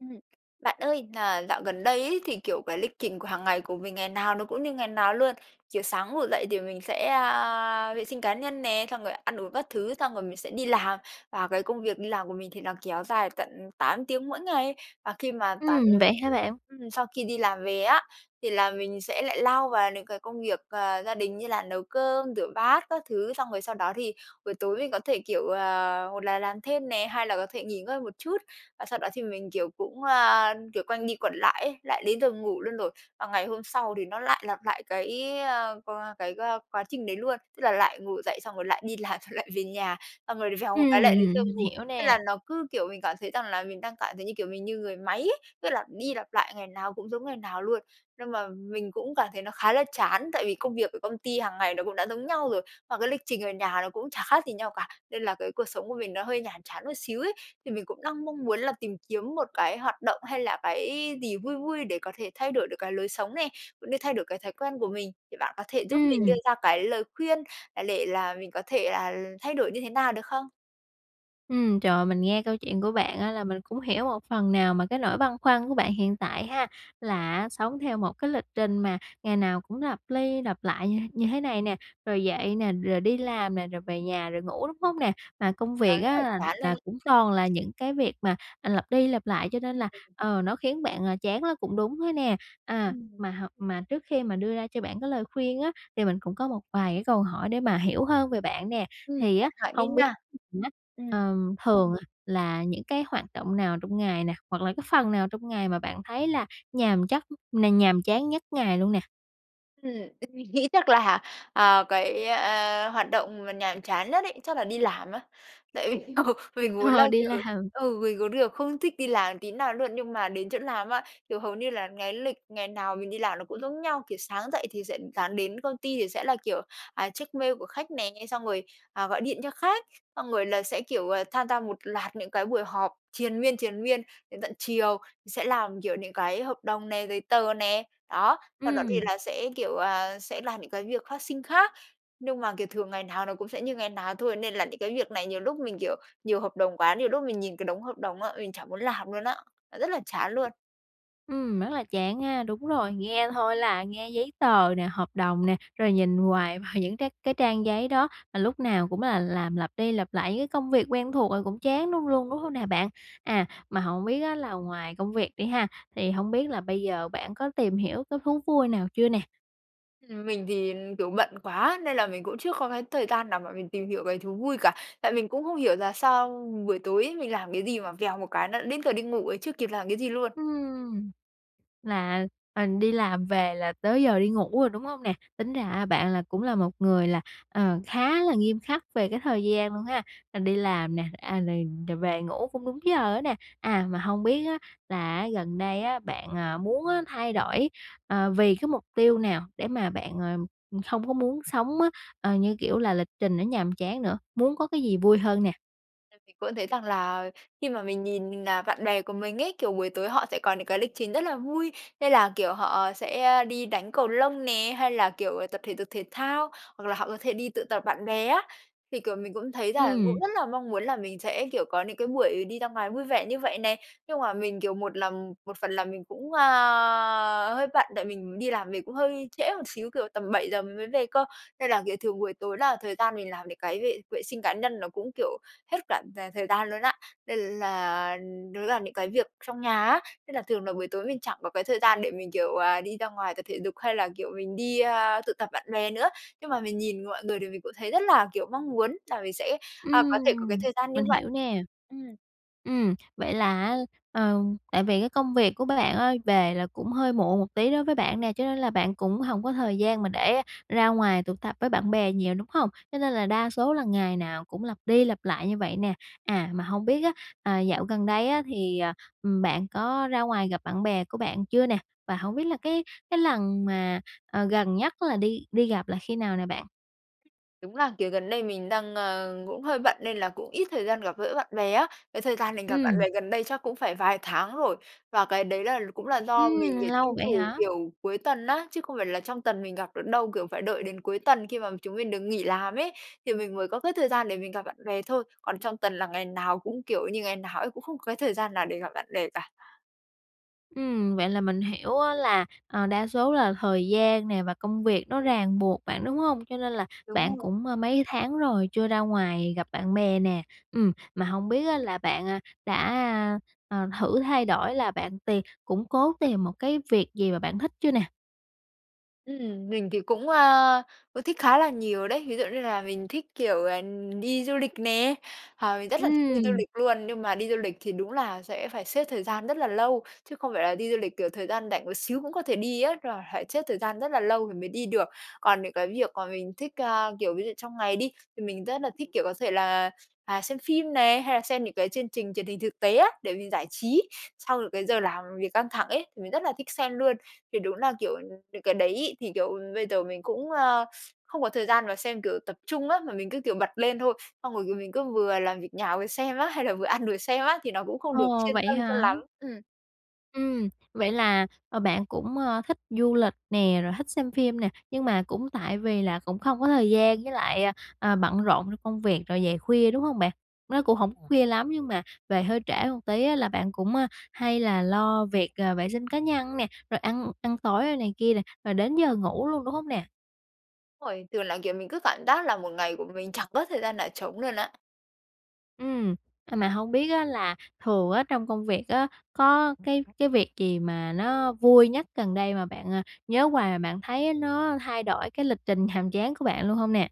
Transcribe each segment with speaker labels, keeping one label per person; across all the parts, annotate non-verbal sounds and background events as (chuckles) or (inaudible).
Speaker 1: Ừm. Bạn ơi là dạo gần đây ấy, thì, kiểu, cái lịch trình của hàng ngày của mình ngày nào nó cũng như ngày nào luôn. Kiểu sáng ngủ dậy thì mình sẽ, a, vệ sinh cá nhân nè, xong rồi ăn uống các thứ, xong rồi mình sẽ đi làm, và cái công việc đi làm của mình thì nó kéo dài tận 8 tiếng mỗi ngày. Và khi mà tản
Speaker 2: Ừm, vậy hả bạn?
Speaker 1: ừm, sau khi đi làm về á, thì là mình sẽ lại lao vào những cái công việc, à, gia đình như là nấu cơm, rửa bát các thứ. Xong rồi sau đó thì buổi tối mình có thể, kiểu, ờ, hột là làm thêm nè, hai là có thể nghỉ ngơi một chút, và sau đó thì mình, kiểu, cũng, ơ, kiểu, quanh đi quẩn lại ấy, lại đến giờ ngủ luôn rồi. Và ngày hôm sau thì nó lại lặp lại cái, ơ qua cái, ơ quá trình đấy luôn, tức là lại ngủ dậy, xong rồi lại đi làm xong lại về nhà, xong rồi lại vèo một cái lại đến giờ
Speaker 2: Ừm, mình
Speaker 1: ngủ.
Speaker 2: hiểu
Speaker 1: Thế là
Speaker 2: nè.
Speaker 1: nó cứ, kiểu, mình cảm thấy rằng là mình đang cảm thấy như, kiểu, mình như người máy ấy, cứ lặp đi lặp lại ngày nào cũng giống ngày nào luôn. Nhưng mà mình cũng cảm thấy nó khá là chán tại vì công việc ở công ty hàng ngày nó cũng đã giống nhau rồi và cái lịch trình ở nhà nó cũng chả khác gì nhau cả, nên là cái cuộc sống của mình nó hơi nhàm chán một xíu ấy. Thì mình cũng đang mong muốn là tìm kiếm một cái hoạt động hay là cái gì vui vui để có thể thay đổi được cái lối sống nè, cũng như thay đổi cái thói quen của mình, thì bạn có thể giúp mình đưa
Speaker 2: Ừm.
Speaker 1: ra cái lời khuyên, à, để là mình có thể là thay đổi như thế nào được không?
Speaker 2: Ừm, trời, mình nghe câu chuyện của bạn á là mình cũng hiểu một phần nào mà cái nỗi băn khoăn của bạn hiện tại ha, là á, sống theo một cái lịch trình mà ngày nào cũng lặp ly lặp lại như th như thế này nè, rồi dậy nè, rồi đi làm nè, rồi về nhà rồi ngủ, đúng hông nè? Mà công
Speaker 1: À,
Speaker 2: việc
Speaker 1: rất
Speaker 2: á
Speaker 1: là
Speaker 2: là
Speaker 1: chán luôn
Speaker 2: là
Speaker 1: ấy.
Speaker 2: cũng toàn là những cái việc mà, à, lặp đi lặp lại cho nên là,
Speaker 1: Ừm.
Speaker 2: ờ, nó khiến bạn, ờ, chán nó cũng đúng thôi nè. À,
Speaker 1: Ừm.
Speaker 2: mà h mà trước khi mà đưa ra cho bạn cái lời khuyên á, thì mình cũng có một vài cái câu hỏi để mà hiểu hơn về bạn nè.
Speaker 1: Ừm,
Speaker 2: Thì
Speaker 1: bạn
Speaker 2: á,
Speaker 1: hỏi đi
Speaker 2: hông biết
Speaker 1: nà.
Speaker 2: (unintelligible)
Speaker 1: Ừm.
Speaker 2: ờm, thường, à, là những cái hoạt động nào trong ngày nè, hoặc là cái phần nào trong ngày mà bạn thấy là nhàm chắc nè nhàm chán nhất ngày luôn nè?
Speaker 1: Ừm, m nghĩ chắc là, à, cái, ơ, hoạt động mà nhàm chán nhất ấy, chắc là đi làm á. Tại vì ừ, mình muốn là,
Speaker 2: (chuckles) Đi
Speaker 1: kiểu
Speaker 2: làm.
Speaker 1: ừ, mình muốn được không thích đi làm tí nào luôn, nhưng mà đến chỗ làm á, kiểu, hầu như là cái lịch ngày nào mình đi làm nó cũng giống nhau, kiểu, sáng dậy thì sẽ ừ, sáng đến công ty thì sẽ là, kiểu, à, check mail của khách nè, xong rồi, à, gọi điện cho khách, xong rồi là sẽ, kiểu, ờ, tham gia một loạt những cái buổi họp triền miên, triền miên đến tận chiều, sẽ làm kiểu những cái hợp đồng này, giấy tờ nè, đó. Sau đó thì
Speaker 2: Ừm.
Speaker 1: là sẽ, kiểu, à, sẽ làm những cái việc phát sinh khác. Nhưng mà, kiểu, thường ngày nào nó cũng sẽ như ngày nào thôi nên là những cái việc này nhiều lúc mình, kiểu, nhiều hợp đồng quá, nhiều lúc mình nhìn cái đống hợp đồng á, mình chả muốn làm luôn á, rất là chán luôn.
Speaker 2: Ừm, rất là chán ha, đúng rồi, nghe thôi là nghe giấy tờ nè, hợp đồng nè, rồi nhìn hoài vào những cái cái trang giấy đó, mà lúc nào cũng là làm lặp đi lặp lại những cái công việc quen thuộc rồi cũng chán đúng luôn đúng hông nè bạn? À, mà hổng biết á là ngoài công việc đi ha, thì hông biết là bây giờ bạn có tìm hiểu cái thú vui nào chưa nè?
Speaker 1: Ừm, mình thì, kiểu, bận quá nên là mình cũng chưa có cái thời gian nào mà mình tìm hiểu cái thú vui cả. Tại mình cũng không hiểu là sao buổi tối ấy, mình làm cái gì mà vèo một cái nó đã đến giờ đi ngủ ấy, chưa kịp làm cái gì luôn.
Speaker 2: Ừm, là, ờ, đi làm về là tới giờ đi ngủ rồi, đúng hông nè? Tính ra á, bạn là cũng là một người là, ờ, khá là nghiêm khắc về cái thời gian luôn ha, rồi đi làm nè, à, rồi rồi về ngủ cũng đúng giờ á nè. À, mà hông biết á, là á gần đây á, bạn, à, muốn á thay đổi, ờ, vì cái mục tiêu nào để mà bạn, ờ, không có muốn sống á, ờ, như kiểu là, lịch trình nó nhàm chán nữa, muốn có cái gì vui hơn nè?
Speaker 1: (unintelligible) Cũng thấy rằng là khi mà mình nhìn, à, bạn bè của mình ấy, kiểu, buổi tối họ sẽ có những cái lịch trình rất là vui, nên là, kiểu, họ sẽ, ơ, đi đánh cầu lông nè, hay là, kiểu, tập thể dục thể thao, hoặc là họ có thể đi tụ tập bạn bè á. Thì, kiểu, mình cũng thấy là cũng
Speaker 2: Ừm.
Speaker 1: rất là mong muốn là mình sẽ, kiểu, có những cái buổi đi ra ngoài vui vẻ như vậy nè, nhưng mà mình kiểu một là một phần là mình cũng, a, hơi bận tại mình đi làm về cũng hơi trễ một xíu, kiểu, tầm 7:00 mình mới về cơ, nên là, kiểu, thường buổi tối là thời gian mình làm những cái vệ vệ sinh cá nhân nó cũng, kiểu, hết cả cả thời gian luôn á. Nên là, nó là những cái việc trong nhà á, nên là thường là buổi tối mình chẳng có cái thời gian để mình, kiểu, à, đi ra ngoài tập thể dục hay là, kiểu, mình đi, a, tụ tập bạn bè nữa. Nhưng mà mình nhìn mọi người thì mình cũng thấy rất là, kiểu, mong muốn là mình sẽ, a, có thể có cái
Speaker 2: Ừm,
Speaker 1: thời gian như
Speaker 2: mình
Speaker 1: vậy.
Speaker 2: hiểu nè.
Speaker 1: Ừm.
Speaker 2: Ừm, vậy là á, ờ, tại vì cái công việc của bạn á, về là cũng hơi muộn một tí đối với bạn nè, cho nên là bạn cũng hổng có thời gian mà để ra ngoài tụ tập với bạn bè nhiều, đúng hông? Cho nên là đa số là ngày nào cũng lặp đi lặp lại như vậy nè. À, mà hông biết á, à, dạo gần đây á thì, ờ, ừm, bạn có ra ngoài gặp bạn bè của bạn chưa nè? Và hông biết là cái cái lần mà, ờ, gần nhất là đi đi gặp là khi nào nè bạn?
Speaker 1: Đúng là, kiểu, gần đây mình đang, ờ, cũng hơi bận nên là cũng ít thời gian gặp gỡ bạn bè á, cái thời gian mình gặp bạn
Speaker 2: Ừm.
Speaker 1: bè gần đây chắc cũng phải vài tháng rồi. Và cái đấy là cũng là do mình,
Speaker 2: Ừm,
Speaker 1: kiểu, tranh
Speaker 2: lâu vậy
Speaker 1: thủ,
Speaker 2: hả?
Speaker 1: kiểu, cuối tuần á, chứ không phải là trong tuần mình gặp được đâu. Kiểu, phải đợi đến cuối tuần khi mà chúng mình được nghỉ làm ấy, thì mình mới có cái thời gian để mình gặp bạn bè thôi. Còn trong tuần là ngày nào cũng kiểu như ngày nào ấy, cũng không có cái thời gian nào để gặp bạn bè cả.
Speaker 2: Ừm, vậy là mình hiểu á, là, à, đa số là thời gian nè và công việc nó ràng buộc bạn, đúng hông? Cho nên là
Speaker 1: Đúng
Speaker 2: bạn
Speaker 1: rồi.
Speaker 2: cũng, ờ, mấy tháng rồi chưa ra ngoài gặp bạn bè nè. Ừm, mà hông biết á, là bạn, à, đã, à, à, thử thay đổi là bạn tìm cũng cố tìm một cái việc gì mà bạn thích chưa nè?
Speaker 1: Ừm, mình thì cũng, à, ừ, thích khá là nhiều đấy. Ví dụ như là mình thích, kiểu, ờ, đi du lịch nè, ờ, mình rất là thích đi du
Speaker 2: Ừm.
Speaker 1: lịch luôn. Nhưng mà đi du lịch thì đúng là sẽ phải xếp thời gian rất là lâu, chứ không phải là đi du lịch, kiểu, thời gian rảnh một xíu cũng có thể đi á, là phải xếp thời gian rất là lâu thì mới đi được. Còn những cái việc mà mình thích, à, kiểu, ví dụ trong ngày đi, thì mình rất là thích, kiểu, có thể là, à, xem phim này, hay là xem những cái chương trình truyền hình thực tế á, để mình giải trí sau những cái giờ làm việc căng thẳng ấy, thì mình rất là thích xem luôn. Thì đúng là, kiểu, những cái đấy ấy, thì, kiểu, bây giờ mình cũng, à, không có thời gian mà xem, kiểu, tập trung á, mà mình cứ, kiểu, bật lên thôi, xong rồi mình cứ vừa làm việc nhà vừa xem á, hay là vừa ăn vừa xem á, thì nó cũng không được
Speaker 2: Ồ,
Speaker 1: chuyên
Speaker 2: vậy
Speaker 1: tâm cho
Speaker 2: hả?
Speaker 1: lắm. Ừm.
Speaker 2: Ừm. Vậy là, ờ, bạn cũng, ơ, thích du lịch nè, rồi thích xem phim nè, nhưng mà cũng tại vì là cũng không có thời gian với lại, ờ, ờ, bận rộn trong công việc rồi về khuya, đúng hông bạn? Nó cũng hổng có khuya lắm nhưng mà về hơi trễ một tí á là bạn cũng, a, hay là lo việc, ờ, vệ sinh cá nhân nè, rồi ăn ăn tối này kia nè, rồi đến giờ ngủ luôn, đúng không nè?
Speaker 1: Đúng rồi. Thường là, kiểu, mình cứ cảm giác là một ngày của mình chẳng có thời gian nào trống luôn á.
Speaker 2: Ừm. À, mà hông biết á là thường á, trong công việc á, có cái cái việc gì mà nó vui nhất gần đây mà bạn, ờ, nhớ hoài mà bạn thấy á nó thay đổi cái lịch trình nhàm chán của bạn luôn hông nè?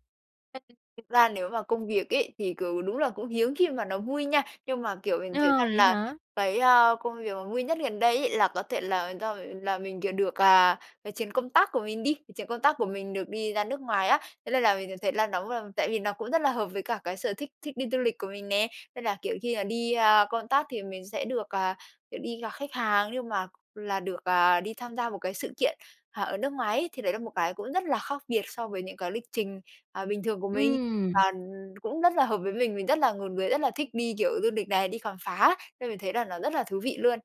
Speaker 1: (unintelligible) Thực ra nếu mà công việc ấy, thì, kiểu, đúng là cũng hiếm khi mà nó vui nha, nhưng mà, kiểu, mình thấy
Speaker 2: Ờ,
Speaker 1: rằng
Speaker 2: vậy
Speaker 1: là
Speaker 2: hả?
Speaker 1: cái, ơ, công việc mà vui nhất gần đây ấy là có thể là do v là mình, kiểu, được, à, cái chuyến công tác của mình đi, chuyến công tác của mình được đi ra nước ngoài á, thế nên là mình được thấy là nóng v tại vì nó cũng rất là hợp với cả cái sở thích thích đi du lịch của mình nè. Tức là, kiểu, khi, ờ, đi, ơ, công tác thì mình sẽ được, à, kiểu, đi gặp khách hàng nhưng mà là được, à, đi tham gia một cái sự kiện, à, ở nước ngoài ấy, thì đấy là một cái cũng rất là khác biệt so với những cái lịch trình, à, bình thường của mình
Speaker 2: Ừm.
Speaker 1: và, ừm, cũng rất là hợp với mình, mình rất là ngột người rất là thích đi, kiểu, du lịch này, đi khám phá, nên mình thấy là nó rất là thú vị luôn.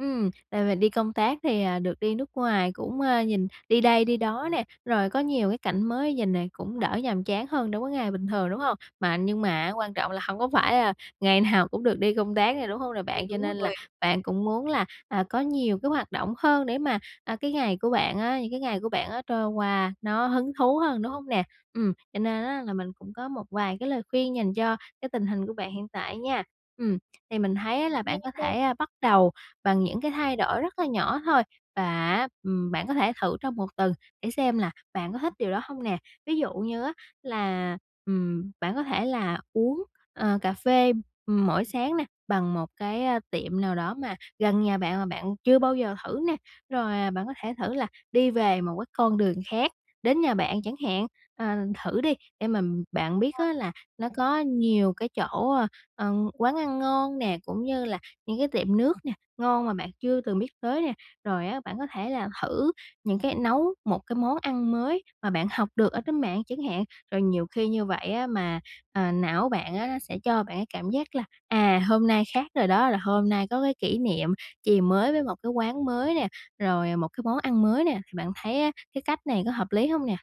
Speaker 2: Ừm, đợt mình đi công tác thì, à, được đi nước ngoài, cũng, ơ, nhìn đi đây đi đó nè, rồi có nhiều cái cảnh mới nhìn nè, cũng đỡ nhàm chán hơn, đối với ngày bình thường, đúng hông? Mà nhưng mà á quan trọng là hông có phải là ngày nào cũng được đi công tác nè, đúng hông nè
Speaker 1: Ừm,
Speaker 2: bạn? Cho
Speaker 1: đúng
Speaker 2: nên là
Speaker 1: rồi.
Speaker 2: bạn cũng muốn là, à, có nhiều cái hoạt động hơn để mà, à, cái ngày của bạn á, những cái ngày của bạn á, trôi qua nó hứng thú hơn, đúng hông nè? Ừm, cho nên á là mình cũng có một vài cái lời khuyên dành cho cái tình hình của bạn hiện tại nha. Ừm, thì mình thấy á là
Speaker 1: Nghe
Speaker 2: bạn có
Speaker 1: đây.
Speaker 2: thể, ơ, bắt đầu bằng những cái thay đổi rất là nhỏ thôi và á, ừm, bạn có thể thử trong 1 tuần để xem là bạn có thích điều đó hông nè. Ví dụ như á là, ừm, bạn có thể là uống, ờ, cà phê, ừm, mỗi sáng nè, bằng một cái, ơ, tiệm nào đó mà gần nhà bạn mà bạn chưa bao giờ thử nè. Rồi, à, bạn có thể thử là đi về một cái con đường khác, đến nhà bạn chẳng hạn. Ờ, thử đi, để mà bạn biết
Speaker 1: À.
Speaker 2: á là nó có nhiều cái chỗ, ơ, ờ, quán ăn ngon nè, cũng như là những cái tiệm nước nè ngon mà bạn chưa từng biết tới nè. Rồi á, bạn có thể là thử những cái nấu một cái món ăn mới mà bạn học được ở trên mạng chẳng hạn. Rồi nhiều khi như vậy á mà, à, não bạn á nó sẽ cho bạn cái cảm giác là, à, hôm nay khác rồi đó, là hôm nay có cái kỷ niệm chì mới với một cái quán mới nè, rồi, à, một cái món ăn mới nè. Thì bạn thấy á, cái cách này có hợp lý hông nè?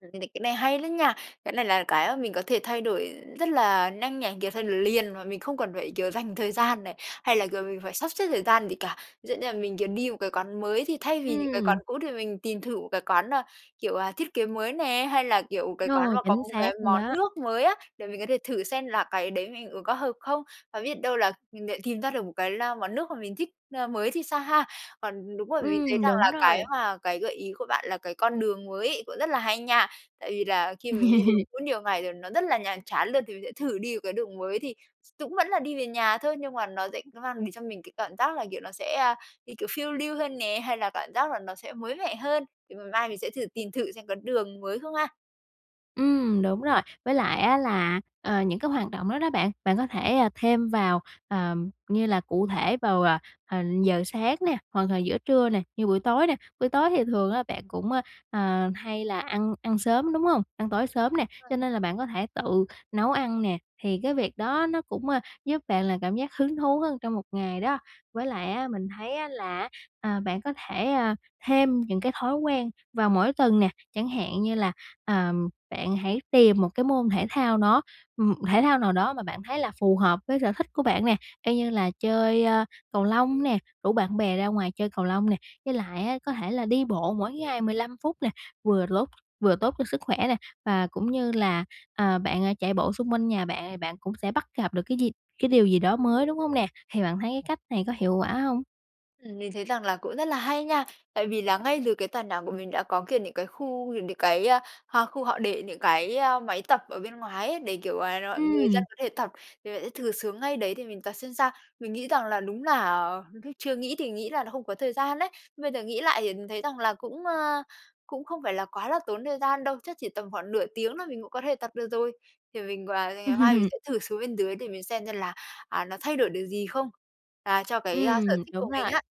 Speaker 1: Cái n cái này hay lắm nha, cái này là cái mà mình có thể thay đổi rất là nhanh này, kiểu, thay đổi liền mà mình không cần phải, kiểu, dành thời gian này hay là, kiểu, mình phải sắp xếp thời gian gì cả. Ví dụ như là mình, kiểu, đi một cái quán mới thì thay vì những cái quán
Speaker 2: Ừm.
Speaker 1: cũ thì mình tìm thử một cái quán nào, kiểu, ờ, thiết kế mới nè, hay là, kiểu, cái quán
Speaker 2: Rồi,
Speaker 1: mà có
Speaker 2: chính
Speaker 1: một
Speaker 2: xác
Speaker 1: cái
Speaker 2: luôn
Speaker 1: món
Speaker 2: đó.
Speaker 1: nước mới á, để mình có thể thử xem là cái đấy mình uống có hợp không. Và biết đâu là mình lại tìm ra được một cái, a, món nước mà mình thích, ơ, mới thì sao ha? Còn, đúng rồi, mình thấy
Speaker 2: Ừm,
Speaker 1: rằng
Speaker 2: đúng
Speaker 1: là cái
Speaker 2: rồi!
Speaker 1: mà cái gợi ý của bạn là cái con đường mới ấy cũng rất là hay nha. Tại vì là khi mình đi đường
Speaker 2: (laughs)
Speaker 1: cũ nhiều ngày thì nó rất là nhàm chán luôn thì mình sẽ thử đi vào cái đường mới thì x cũng vẫn là đi về nhà thôi nhưng mà nó sẽ mang đến cho mình cái cảm giác là, kiểu, nó sẽ, à, đi, kiểu, phiêu lưu hơn nè, hay là cảm giác là nó sẽ mới mẻ hơn. Thì m mai mình sẽ thử tìm thử xem có đường mới không ha.
Speaker 2: Ừm, đúng rồi! Với lại á là, ờ, những cái hoạt động đó đó bạn, bạn có thể, ờ, thêm vào, ờ, như là cụ thể vào, ờ, giờ sáng nè, hoặc là giữa trưa nè, như buổi tối nè. Buổi tối thì thường á bạn cũng, ơ, ờ, hay là ăn ăn sớm, đúng hông? Ăn tối sớm nè,
Speaker 1: (unintelligible)
Speaker 2: cho nên là bạn có thể tự nấu ăn nè, thì cái việc đó nó cũng, ờ, giúp bạn là cảm giác hứng thú hơn trong một ngày đó. Với lại á, mình thấy á là, ờ, bạn có thể, ờ, thêm những cái thói quen vào mỗi tuần nè, chẳng hạn như là, ờ, bạn hãy tìm một cái môn thể thao đó m thể thao nào đó mà bạn thấy là phù hợp với sở thích của bạn nè. Y như là chơi cầu lông nè, rủ bạn bè ra ngoài chơi cầu lông nè, với lại á có thể là đi bộ mỗi ngày 15 phút nè, vừa lốt vừa tốt cho sức khỏe nè, và cũng như là, ờ, bạn chạy bộ xung quanh nhà bạn thì bạn cũng sẽ bắt gặp được cái gì cái điều gì đó mới, đúng hông nè? Thì bạn thấy cái cách này có hiệu quả hông?
Speaker 1: Ừm, mình thấy rằng là cũng rất là hay nha. Tại vì là ngay dưới cái tòa nhà của mình đã có, kiểu, những cái khu nhìn được cái h khu họ để những cái máy tập ở bên ngoài ấy để, kiểu là, mọi người dân
Speaker 2: Ừm.
Speaker 1: có thể tập, vì vậy sẽ thử xuống ngay đấy để mình tập xem sao. Mình nghĩ rằng là đúng là lúc chưa nghĩ thì nghĩ là nó không có thời gian á, nhưng bây giờ nghĩ lại thì mình thấy rằng là cũng, à, cũng không phải là quá là tốn thời gian đâu, chắc chỉ tầm khoảng nửa tiếng thôi mình cũng có thể tập được rồi. Thì mình quà ngày mai mình
Speaker 2: (laughs)
Speaker 1: sẽ thử xuống bên dưới để mình xem xem là, à, nó thay đổi được gì không à, cho cái
Speaker 2: Ừm,
Speaker 1: sở thích
Speaker 2: đúng
Speaker 1: của mình
Speaker 2: rồi.
Speaker 1: á.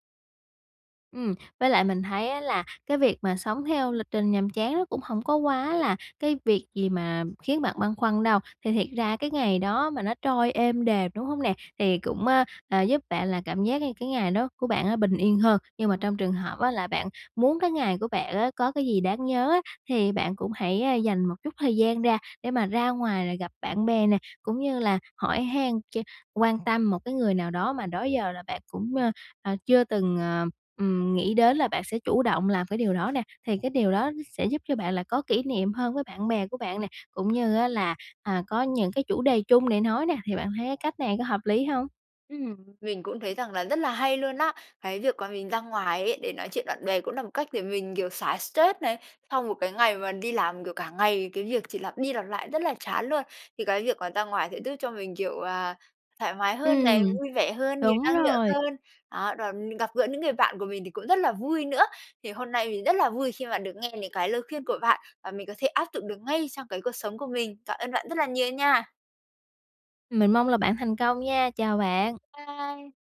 Speaker 2: Ừm, với lại mình thấy á là cái việc mà sống theo lịch trình nhàm chán nó cũng hổng có quá là cái việc gì mà khiến bạn băn khoăn đâu. Thì thiệt ra cái ngày đó mà nó trôi êm đềm, đúng hông nè? Thì cũng, á, à, giúp bạn là cảm giác như cái ngày đó của bạn bình yên hơn. Nhưng mà trong trường hợp á là bạn muốn cái ngày của bạn á có cái gì đáng nhớ á, thì bạn cũng hãy dành một chút thời gian ra để mà ra ngoài là gặp bạn bè nè, cũng như là hỏi han ch quan tâm một cái người nào đó mà đó giờ là bạn cũng, ờ, chưa từng, ờ, ừm, nghĩ đến là bạn sẽ chủ động làm cái điều đó nè. Thì cái điều đó sẽ giúp cho bạn là có kỷ niệm hơn với bạn bè của bạn nè, cũng như á là, à, có những cái chủ đề chung để nói nè, thì bạn thấy cái cách này có hợp lý hông?
Speaker 1: Ừm, mình cũng thấy rằng là rất là hay luôn á. Cái việc mà mình ra ngoài ấy để nói chuyện bạn bè cũng là một cách để mình, kiểu, xả stress này, sau một cái ngày mà đi làm, kiểu, cả ngày cái việc chỉ lặp đi lặp lại rất là chán luôn, thì cái việc mà ra ngoài sẽ giúp cho mình, kiểu, à, thoải mái hơn này,
Speaker 2: Ừm.
Speaker 1: vui vẻ hơn, nhiều
Speaker 2: Đúng
Speaker 1: năng lượng
Speaker 2: rồi.
Speaker 1: hơn, đó, và mình gặp gỡ những người bạn của mình thì cũng rất là vui nữa. Thì hôm nay mình rất là vui khi mà được nghe những cái lời khuyên của bạn và mình có thể áp dụng được ngay trong cái cuộc sống của mình. Cảm ơn bạn rất là nhiều nha!
Speaker 2: Mình mong là bạn thành công nha, chào bạn!
Speaker 1: Bye!